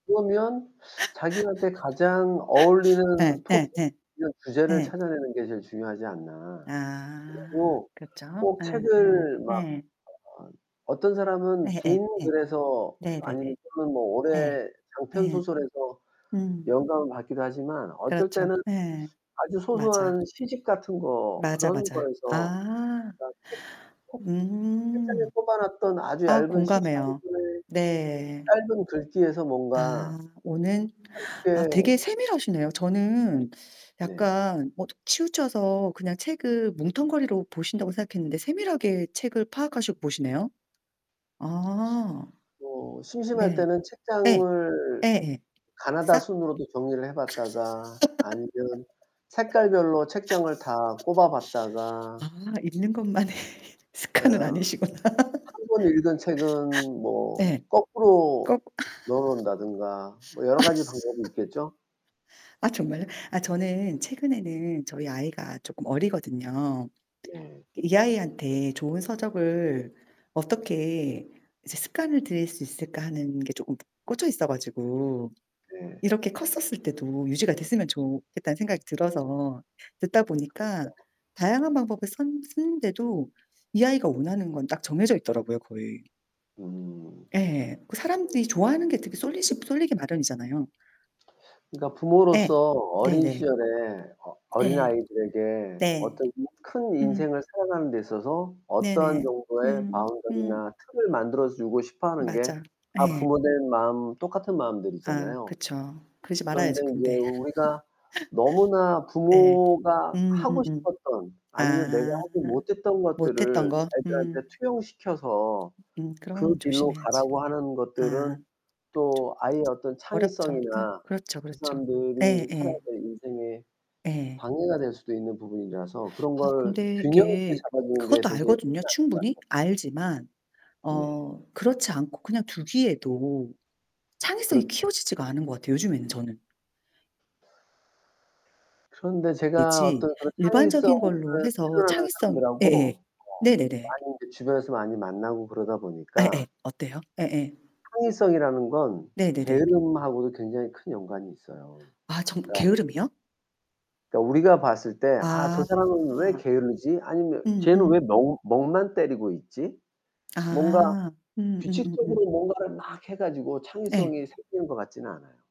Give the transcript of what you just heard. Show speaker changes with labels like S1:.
S1: 그러면 자기한테 가장
S2: 예
S1: 어울리는 토픽
S2: 예 예.
S1: 이런 주제를
S2: 예.
S1: 찾아내는 게 제일 중요하지 않나.
S2: 아,
S1: 그리고
S2: 그렇죠.
S1: 꼭
S2: 예 예
S1: 책을 막 아,
S2: 예.
S1: 어떤 사람은
S2: 예예
S1: 긴
S2: 예.
S1: 글에서
S2: 네네네.
S1: 아니면 좀 뭐
S2: 예.
S1: 오래
S2: 예.
S1: 장편소설에서
S2: 음.
S1: 영감을 받기도 하지만 어떨
S2: 그렇죠.
S1: 때는
S2: 네,
S1: 아주
S2: 맞아.
S1: 소소한 시집 같은 거
S2: 맞아,
S1: 그런
S2: 맞아요.
S1: 거에서
S2: 아.
S1: 그러니까 책 콕 책장에
S2: 음.
S1: 꽂아놨던 아주
S2: 아
S1: 얇은 시집 1
S2: 공감해요.
S1: 권의
S2: 네.
S1: 짧은 글귀에서 뭔가
S2: 아 오는. 아
S1: 한때
S2: 되게 세밀하시네요. 저는
S1: 네.
S2: 약간 뭐 치우쳐서 그냥 책을 뭉텅거리로 보신다고 생각했는데 세밀하게 책을 파악하시고 보시네요. 아.
S1: 뭐. 심심할
S2: 네.
S1: 때는
S2: 예.
S1: 책장을
S2: 예예. 싹.
S1: 가나다순으로도 정리를 해 봤다가 아니면 색깔별로 책장을 다 꽂아 봤다가.
S2: 아, 읽는 것만의 습관은
S1: 어.
S2: 아니시구나.
S1: 1 번 읽은 책은 뭐
S2: 네.
S1: 거꾸로
S2: 꼭.
S1: 넣어놓는다든가 뭐 여러 가지 방법이 있겠죠?
S2: 아 정말요? 아 저는 최근에는 저희 아이가 조금 어리거든요.
S1: 네.
S2: 이 아이한테 좋은 서적을 어떻게 이제 습관을 들일 수 있을까 하는 게 조금 꽂혀있어 가지고
S1: 네.
S2: 이렇게 컸었을 때도 유지가 됐으면 좋겠다는 생각이 들어서 듣다 보니까
S1: 그쵸.
S2: 다양한 방법을 썼 쓰는데도 이 아이가 원하는 건 딱 정해져 있더라고요, 거의.
S1: 음.
S2: 예. 그 사람들이 좋아하는 게 되게 쏠리시 쏠리기 마련이잖아요.
S1: 그러니까
S2: 예.
S1: 부모로서 어린
S2: 네네.
S1: 시절에 어
S2: 네.
S1: 어린아이들에게
S2: 네.
S1: 어떤 큰
S2: 음.
S1: 인생을 살아가는 데 있어서 어떠한
S2: 네네.
S1: 정도의
S2: 음. 음.
S1: 바운더리나 틀을 만들어 주고 싶어 하는 게
S2: 맞아.
S1: 다
S2: 네.
S1: 부모 된 마음 똑같은
S2: 아
S1: 마음들이잖아요.
S2: 그쵸. 그러지
S1: 그런데
S2: 말아야죠
S1: 인제
S2: 근데.
S1: 우리가 너무나
S2: 네.
S1: 부모가
S2: 음.
S1: 하고
S2: 음음.
S1: 싶었던 아니면 내가
S2: 아.
S1: 하지 못했던
S2: 못
S1: 것들을
S2: 했던 거?
S1: 애들한테
S2: 음.
S1: 투영시켜서
S2: 음.
S1: 그
S2: 그런
S1: 길로
S2: 조심해야지.
S1: 가라고 하는
S2: 아.
S1: 것들은
S2: [unintelligible]
S1: 또 아이의 어떤
S2: 어렵죠. 예.
S1: 창의성이나
S2: 그렇죠
S1: 그
S2: 그렇죠.
S1: 사람들이 살아야
S2: 예예.
S1: 될 인생에
S2: 예.
S1: 방해가 될 수도 있는 부분이라서 그런
S2: 아
S1: 걸
S2: 근데
S1: 균형 있게
S2: 이게
S1: 잡아주는 게
S2: 그것도
S1: 되게
S2: 알거든요,
S1: 쉽지 않을
S2: 충분히
S1: 것 같아요.
S2: 알지만
S1: 네.
S2: 어 그렇지 않고 그냥 두기에도 창의성이
S1: 그렇죠.
S2: 키워지지가 않은 것 같아요 요즘에는 저는.
S1: 그런데
S2: 예.
S1: 제가
S2: 지
S1: 어떤 그런 창의성을
S2: 일반적인 걸로 해서
S1: 필요로 하는
S2: 창의성
S1: 사람들하고
S2: 예예.
S1: 어
S2: 네네네.
S1: 많이 인제 주변에서 많이 만나고 그러다 보니까
S2: 예예. 어때요? 예예.
S1: 창의성이라는 건
S2: 네네네.
S1: 게으름하고도 굉장히 큰 연관이 있어요.
S2: 아 정
S1: 그러니까
S2: 게으름이요?
S1: 그니까 우리가 봤을 때 아 저 사람은 왜
S2: 아.
S1: 게으르지? 아니면 쟤는 왜
S2: 음음.
S1: 멍 멍만 때리고 있지? 뭔가
S2: 아 음 음음음.
S1: 규칙적으로 뭔가를 막 해 가지고
S2: 네.
S1: 창의성이 생기는 것 같진 않아요.